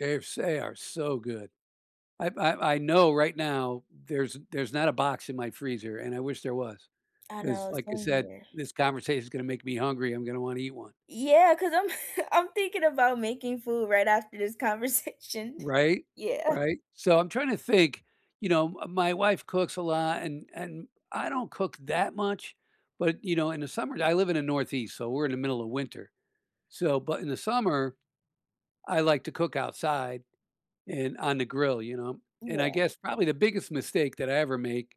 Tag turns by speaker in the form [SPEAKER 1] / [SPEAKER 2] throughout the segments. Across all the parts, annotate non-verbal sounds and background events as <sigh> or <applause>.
[SPEAKER 1] Yes, they are so good. I I I know right now there's there's not a box in my freezer, and I wish there was,
[SPEAKER 2] I
[SPEAKER 1] 'cause
[SPEAKER 2] know it's
[SPEAKER 1] like I
[SPEAKER 2] some in
[SPEAKER 1] said,
[SPEAKER 2] there.
[SPEAKER 1] this conversation is gonna make me hungry, I'm gonna wanna eat one.
[SPEAKER 2] Yeah, 'cause I'm <chuckles> I'm thinking about making food right after this conversation.
[SPEAKER 1] Right?
[SPEAKER 2] Yeah.
[SPEAKER 1] Right? So, I'm trying to think, you know, uh, my wife cooks a lot and and I don't cook that much, but, you know, in the summer- I live in the Northeast, so we're in the middle of winter, so- but in the summer, I like to cook outside in on the grill, you know, and I
[SPEAKER 2] Yeah.
[SPEAKER 1] guess probably the biggest mistake that I ever make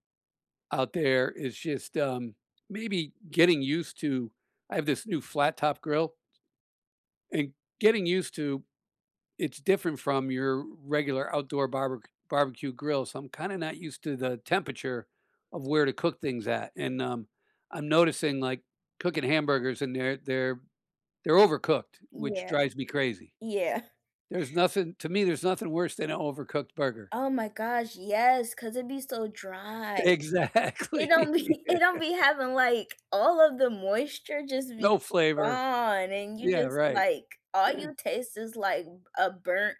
[SPEAKER 1] out there is just, um, maybe getting used to I have this new flat-top grill and getting used to it's different from your regular outdoor barber barbecue grill, so, I'm kinda not used to the temperature of where to cook things at, and, um, I'm noticing like cooking hamburgers and they're they're they're overcooked which
[SPEAKER 2] Yeah,
[SPEAKER 1] drives me crazy.
[SPEAKER 2] yeah.
[SPEAKER 1] There's nothing to me there's nothing worse than a overcooked burger.
[SPEAKER 2] Oh my gosh, yes, 'cause it be so dry. It
[SPEAKER 1] Exactly.
[SPEAKER 2] don't be it don't be having, like all of the moisture just be
[SPEAKER 1] No flavor.
[SPEAKER 2] gone, and you
[SPEAKER 1] Yeah,
[SPEAKER 2] just,
[SPEAKER 1] right,
[SPEAKER 2] like, all
[SPEAKER 1] and
[SPEAKER 2] you taste is, like, a burnt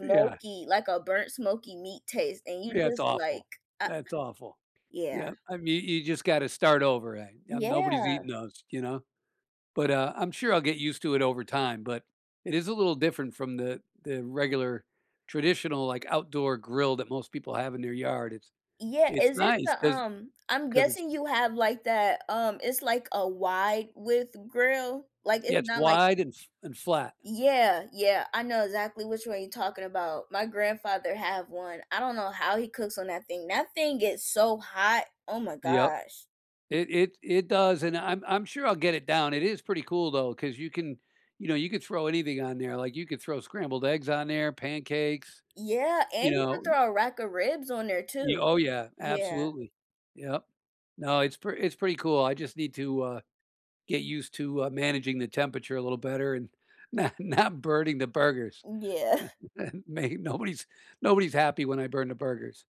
[SPEAKER 1] Yeah.
[SPEAKER 2] like, a burnt smoky meat taste, and you
[SPEAKER 1] Yeah, it's
[SPEAKER 2] just, like,
[SPEAKER 1] awful,
[SPEAKER 2] uh
[SPEAKER 1] that's awful,
[SPEAKER 2] Yeah.
[SPEAKER 1] yeah. I mean, you just gotta start over again, um, nobody's
[SPEAKER 2] Yeah.
[SPEAKER 1] eating those, you know, but, uh, I'm sure I'll get used to it over time, but it is a little different from the the regular traditional, like, outdoor grill that most people have in their yard, it's
[SPEAKER 2] Yeah,
[SPEAKER 1] it's
[SPEAKER 2] is it
[SPEAKER 1] nice
[SPEAKER 2] the,
[SPEAKER 1] 'cause
[SPEAKER 2] um I'm
[SPEAKER 1] 'cause it's
[SPEAKER 2] guessing you have, like, that, um, it's like a wide-width grill? Like,
[SPEAKER 1] Yeah,
[SPEAKER 2] it's
[SPEAKER 1] it's
[SPEAKER 2] not like
[SPEAKER 1] wide and fl and flat.
[SPEAKER 2] Yeah, yeah. I know exactly which one you're talking about. My grandfather have one, I don't know how he cooks on that thing, that thing gets so hot, oh my
[SPEAKER 1] Yep.
[SPEAKER 2] gosh.
[SPEAKER 1] It it it does, and I'm I'm sure I'll get it down, it is pretty cool, though, 'cause you can, you know, you could throw anything on there, like, you could throw scrambled eggs on there, pancakes,
[SPEAKER 2] Yeah,
[SPEAKER 1] you
[SPEAKER 2] and you could
[SPEAKER 1] know?
[SPEAKER 2] throw a rack of ribs on there
[SPEAKER 1] Y
[SPEAKER 2] too,
[SPEAKER 1] oh, yeah,
[SPEAKER 2] yeah.
[SPEAKER 1] absolutely, yep. No, it's p it's pretty cool, I just need to, uh, get used to, uh, managing the temperature a little better and not not burning the burgers.
[SPEAKER 2] Yeah. <chuckles>
[SPEAKER 1] <chuckles> May nobody's nobody's happy when I burn the burgers.